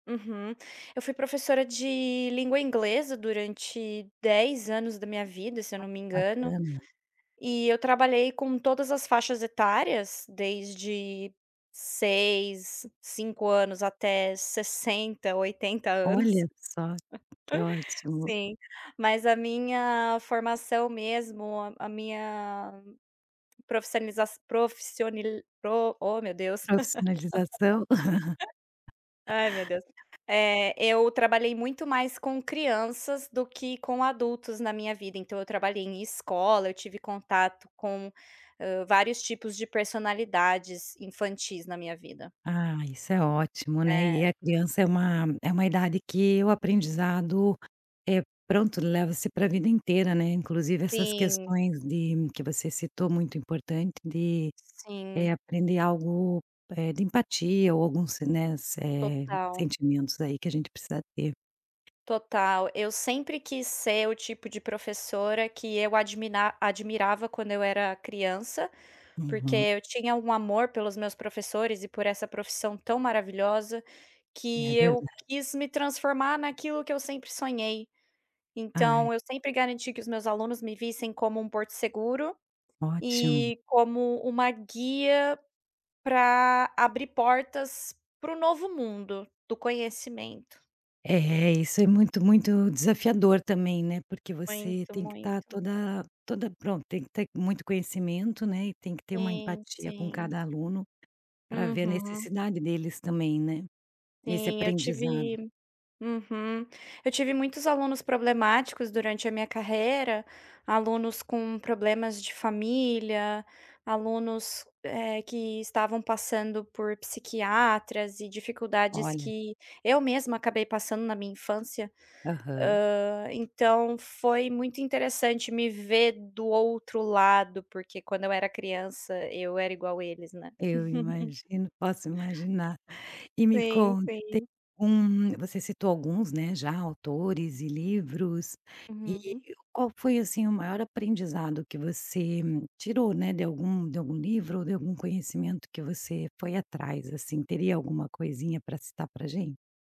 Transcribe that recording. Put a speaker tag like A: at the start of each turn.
A: Uhum. Eu fui professora de língua inglesa durante 10 anos da minha vida, se eu
B: Ah
A: não
B: que
A: me engano.
B: bacana.
A: E eu trabalhei com todas as faixas etárias, desde 6, 5 anos até 60, 80 anos.
B: Olha só, que ótimo.
A: Sim, mas a minha formação mesmo, a minha profisaliza profissioni pro oh meu Deus.
B: Profissionalização.
A: Ai, meu Deus! Eh, eu trabalhei muito mais com crianças do que com adultos na minha vida, então eu trabalhei em escola, eu tive contato com vários, hã, tipos de personalidades infantis na minha vida.
B: Ah, isso é ótimo, né?
A: É.
B: E é a criança é uma é uma idade que o aprendizado é pronto, leva-se para a vida inteira, né? Inclusive essas
A: Sim.
B: questões de que você citou, muito importante de, eh,
A: Sim.
B: aprender algo, eh, de empatia ou alguns, né, eh,
A: Total.
B: sentimentos aí que a gente precisa ter.
A: Total! Eu sempre quis ser o tipo de professora que eu adimina admirava quando eu era criança, porque
B: Uhum.
A: eu tinha um amor pelos meus professores e por essa profissão tão maravilhosa,
B: É
A: que eu
B: verdade.
A: quis me transformar naquilo que eu sempre sonhei.
B: Ai.
A: Então, eu sempre garanti que os meus alunos me vissem como um porto seguro
B: Ótimo.
A: e como uma guia pra abrir portas para o novo mundo, do conhecimento.
B: É, isso é muito muito desafiador também, né? Porque você
A: Muito,
B: tem que estar
A: muito.
B: toda toda pronto Tem que ter muito conhecimento, né, e tem que ter uma
A: Sim,
B: empatia com
A: sim.
B: cada aluno, pra ver a
A: Uhum.
B: necessidade deles também, né, nesse
A: Sim, eu
B: aprendizado.
A: tive Uhum, eu tive muitos alunos problemáticos durante a minha carreira, alunos com problemas de família, alunos, ah, que estavam passando por psiquiatras e dificuldades
B: Olha.
A: que eu mesma acabei passando na minha infância.
B: Aham.
A: Ah, então foi muito interessante me ver do outro lado, porque quando eu era criança, eu era igual eles, né.
B: Eu imagino, posso imaginar. E me
A: Sim,
B: conta, tem
A: sim.
B: um você citou alguns, né, já, autores e livros. E,
A: Uhum.
B: qual foi assim o maior aprendizado que você tirou, né, de algum de algum livro ou de algum conhecimento que você foi atrás, assim? Teria alguma coisinha pra citar pra gente?